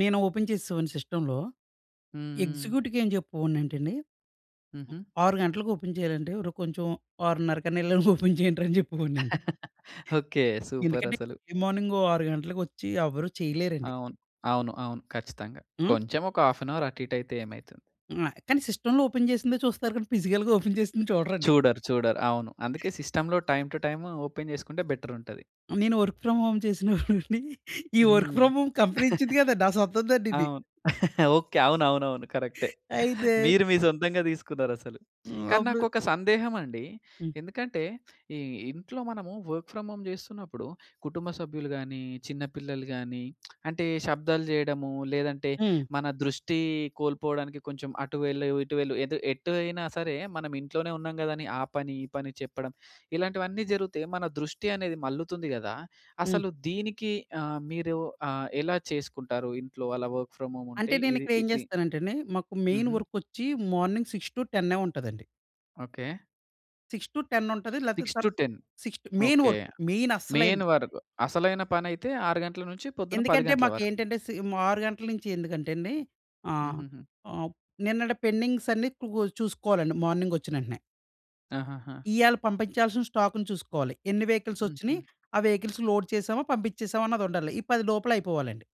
నేను ఓపెన్ చేసేవాని సిస్టమ్‌లో. హుహు. ఎగ్జిక్యూటివ్‌కేంచెప్పెవోనంటండి. హుహు. 6 గంటలకి ఓపెన్ చేయాలంటే అరు కొంచెం ఆరున్నరకనేన్నిల ఓపెన్ జేయండి‌ర అని జెప్పేవాడినండి. ఓకే ఎందుకంటే సూపర‌సలు. ఎర్లీ మార్నింగు 6 గంటలకొచ్చి ఎవరు చేయలేరండి. అవును. అవును, అవును ఖచ్చితంగా. హ్మ్! కొంచెం ఒక హాఫ్ అన్ హౌర్ అటు ఇటు అయితే ఏమైతుంది? హ్మ్. కానీ సిస్టమ్‌లో ఓపెన్ జేసిందే చూస్తారు కానీ, పిజికల్‌గా ఓపెన్ చేసింది చూడరండి. చూడరు, చూడరు. అవును అందుకే సిస్టమ్‌లో టైమ్ టు టైమ్ ఓపెన్ జేసుకుంటే బెటర్ ఉంటది. నేను వర్క్ ఫ్రామ్ హోమ్ చేసిన‌వండి, ఈ వర్క్ హ్మ్. ఫ్రామ్ హోమ్ కంపెనీ ఇచ్చింది గాదం‌డి, నా సొంతందండి ఇది. అవును. ఓకే. అవునవునవును. కరెక్టె. అయితే మీరు మీ సొంతంగా తీసుకున్నారసలు. హ్మ్. కానీ అప్పుడు నాకొక సందేహం అండి. హ్మ్. ఎందుకంటే ఈ ఇంట్లో మనము వర్క్ ఫ్రామ్ హోమ్ జేస్తున్నప్పుడు, కుటుంబ సభ్యులు గాని, చిన్నపిల్లలు గాని అంటే శబ్దాలు జేయడము, లేదంటే హ్మ్. మన దృష్టి కోల్పోడానికి కొంచెం "అటు వెళ్ళు, ఇటు వెళ్ళు" ఏదో ఎటు అయినా సరే, మనమింట్లోనే ఉన్నాం గదాని ఆ పని ఈ పని చెప్పడం ఇలాంటివన్నీ జరుగుతే, మన దృష్టి అనేది మల్లుతుంది గదా! హ్మ్. అసలు దీనికి అహ్, మీరు అహ్, ఎలా చేసుకుంటారు? ఇంట్లో అలా వర్క్ ఫ్రామ్ హోమ్ ఉంటే అంటే ఇది నేనిక్కడ ఏం ఇది. చేస్తానం‌టండి, మాకు మెయిన్ హుహు. వర్కొచ్చి మార్నింగ్ 6-10నే ఉంటదండి. ఓకే. 6-10 ఉంటది. లేతే సిక్స్ టు తర్ ten 6 to main okay. Work main main అసలయింది. వరకు అసలైన పనైతే 6 గంటల నుంచి పొద్దున 10 ఎందుకంటే, గంటల వరకు. మాకేంటంటే సేమ్ 6 గంటల నుంచి ఎందుకంటేండి, ఆహ్, హుహుహు. ఆప్ నిన్నటి పెండింగ్స్ అన్నీ క్లో చూసుకోవాలండి, మార్నింగ్ ఒచ్చినేంటనే. ఆహాహా! ఇయ్యాల పంపించాల్సిన స్టాక్‌న్ని చూసుకోవాలి. ఎన్ని వెహికల్స్ హుహు. వచ్చినియి, ఆ వెహికల్స్ లోడ్ చేసామా, పంపించేసామా అన్నదుండాలి. ఈ 10 లోపల అయిపోవాలండి.